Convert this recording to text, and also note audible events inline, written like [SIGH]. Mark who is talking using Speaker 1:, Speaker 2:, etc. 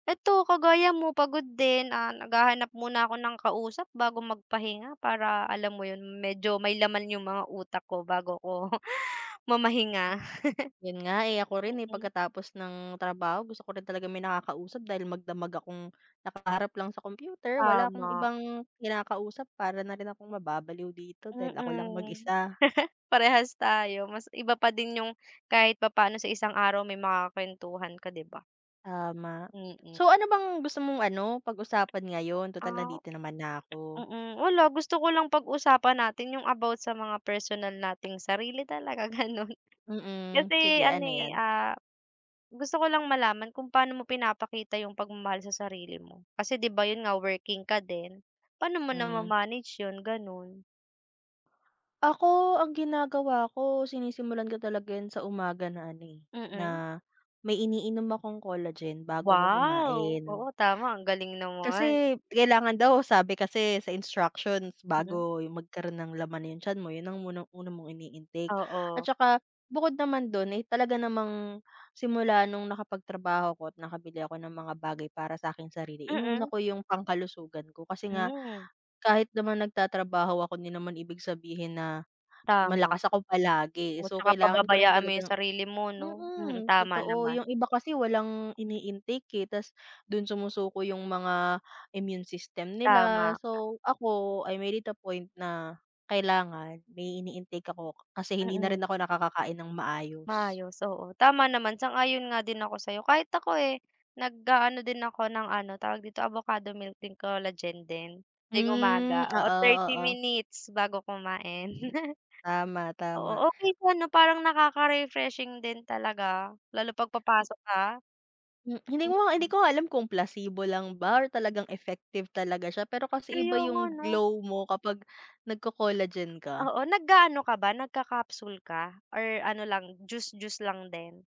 Speaker 1: Ito, kagaya mo pagod din, ah, naghahanap muna ako ng kausap bago magpahinga para alam mo yun medyo may laman yung mga utak ko bago ako [CHUCKLES] mamahinga,
Speaker 2: Yun nga eh, ako rin
Speaker 1: [CHUCKLES]
Speaker 2: eh
Speaker 1: mm.
Speaker 2: pagkatapos ng trabaho gusto ko rin talaga may nakakausap dahil magdamag akong nakaharap lang sa computer wala akong
Speaker 1: Tama.
Speaker 2: ibang kinakausap para na rin akong mababaliw dito dahil ako lang
Speaker 1: Mm,
Speaker 2: mag-isa.
Speaker 1: [LAUGHS] parehas tayo, mas iba pa din yung kahit papaano sa isang araw may makakwentuhan ka, di ba?
Speaker 2: Tama.
Speaker 1: Mm.
Speaker 2: So, ano bang gusto mong ano, pag-usapan ngayon tutal
Speaker 1: Ah,
Speaker 2: nandito naman na ako?
Speaker 1: mm, wala gusto ko lang pag-usapan natin yung about sa mga personal nating sarili talaga ganun.
Speaker 2: Mm,
Speaker 1: Kasi
Speaker 2: sige
Speaker 1: ano
Speaker 2: ano
Speaker 1: eh,
Speaker 2: yan?
Speaker 1: ah, gusto ko lang malaman kung paano mo pinapakita yung pagmamahal sa sarili mo, kasi di ba yun nga, working ka din, paano mo
Speaker 2: Hmm.
Speaker 1: nama-manage yun, ganun?
Speaker 2: Ako ang ginagawa ko sinisimulan ko talaga yun sa umaga na ano eh,
Speaker 1: Mm.
Speaker 2: na may iniinom akong collagen bago ako
Speaker 1: Wow, oo,
Speaker 2: kumain.
Speaker 1: tama. Ang galing naman.
Speaker 2: Kasi kailangan daw, sabi kasi sa instructions
Speaker 1: Mm.
Speaker 2: bago magkaroon ng laman yung tiyan mo, yun ang muna una mong ini-intake at
Speaker 1: Oo.
Speaker 2: saka bukod naman dun ay talaga namang simula nung nakapagtrabaho ako at nakabili ako ng mga bagay para sa akin sarili, inuna
Speaker 1: Mm.
Speaker 2: ko yung pangkalusugan ko kasi nga
Speaker 1: Mm.
Speaker 2: kahit naman nagtatrabaho ako, di naman ibig sabihin na
Speaker 1: Tama,
Speaker 2: malakas ako palagi.
Speaker 1: oo,
Speaker 2: So,
Speaker 1: tsaka
Speaker 2: kailangan ko rin
Speaker 1: pababayaan mo yung
Speaker 2: talagang
Speaker 1: sarili mo, 'no? Mm,
Speaker 2: mm,
Speaker 1: tama
Speaker 2: totoo
Speaker 1: naman.
Speaker 2: yung iba kasi walang ini-intake eh tapos dun sumusuko yung mga immune system nila.
Speaker 1: Tama ka.
Speaker 2: So, ako, I made it a point na kailangan may ini-intake ako kasi hindi na
Speaker 1: Mm.
Speaker 2: rin ako nakakakain ng maayos.
Speaker 1: Maayos, oo, tama naman, sang-ayon nga din ako sa'yo. Kahit ako eh, nag-aano din ako ng ano, tawag dito, Avocado milk and collagen din tuwing
Speaker 2: Hmm,
Speaker 1: umaga, oo, 30
Speaker 2: oo-oo.
Speaker 1: minutes bago kumain. [CHUCKLES]
Speaker 2: Tama-tama.
Speaker 1: Oo, okey po, 'no? Parang nakaka-refreshing din talaga lalo 'pag papasok ka.
Speaker 2: Hmm, hindi ko nga hindi
Speaker 1: Mm.
Speaker 2: ko nga alam kung placebo lang ba talagang effective talaga siya. Pero kasi iba
Speaker 1: Kaya nga,
Speaker 2: yung
Speaker 1: 'no?
Speaker 2: glow mo kapag nagco-collagen ka.
Speaker 1: Oo, nag-aano ka ba, nagka-capsule ka or ano lang juice-juice lang din?